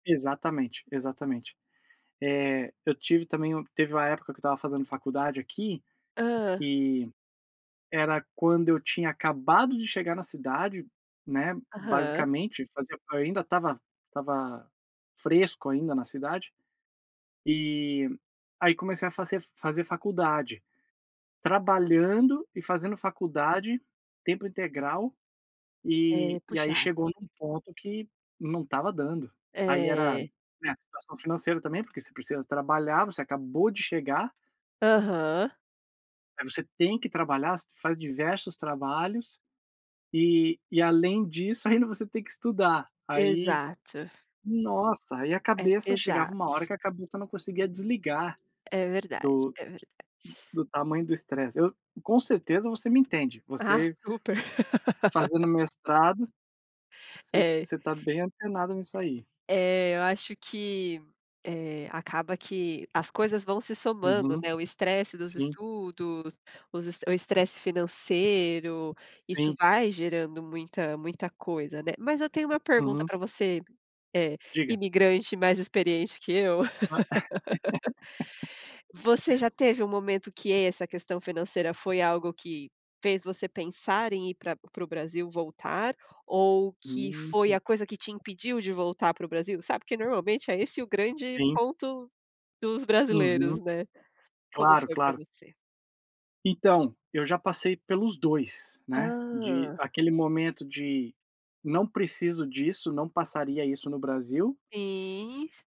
Exatamente, exatamente. Eh, eu tive também teve uma época que eu estava fazendo faculdade aqui, Hã? que era quando eu tinha acabado de chegar na cidade, né, Aham. basicamente, fazia eu ainda estava estava fresco ainda na cidade. Eh, aí comecei a fazer fazer faculdade, trabalhando e fazendo faculdade, tempo integral, eh, É. e aí Puxado. chegou num ponto, que não estava dando. Aí era, É. né, a situação financeira também, porque você precisa trabalhar, você acabou de chegar Aham. aí você tem que trabalhar, você faz diversos trabalhos, eh, e além disso, ainda você tem que estudar. Aí, Exato. nossa, aí a É cabeça, chegava pesado. uma hora que a cabeça não conseguia desligar, É verdade, do é verdade. do tamanho do estresse. Eu com certeza você me entende, Ah, você super. fazendo mestrado, você É. você está bem antenado nisso É. aí. É eu acho que, eh, acaba que as coisas vão se somando, Uhum. né, o estresse dos Sim. estudos, os estre o estresse financeiro, isso Sim. vai gerando muita muita coisa, né. Mas eu tenho uma pergunta Uhum. para você, eh, Diga. imigrante mais experiente que eu. Ah. É. Você já teve um momento que essa questão financeira, foi algo que fez você pensar em ir pra para o Brasil voltar, ou que foi Uhum. a coisa que te impediu de voltar para o Brasil? Sabe, que, normalmente, é esse o grande Sim. ponto dos Uhum. brasileiros, né. Como Claro, foi para claro. você? Então, eu já passei pelos 2, né, de Hã. aquele momento de: "Não preciso disso, não passaria isso no Brasil" Sim.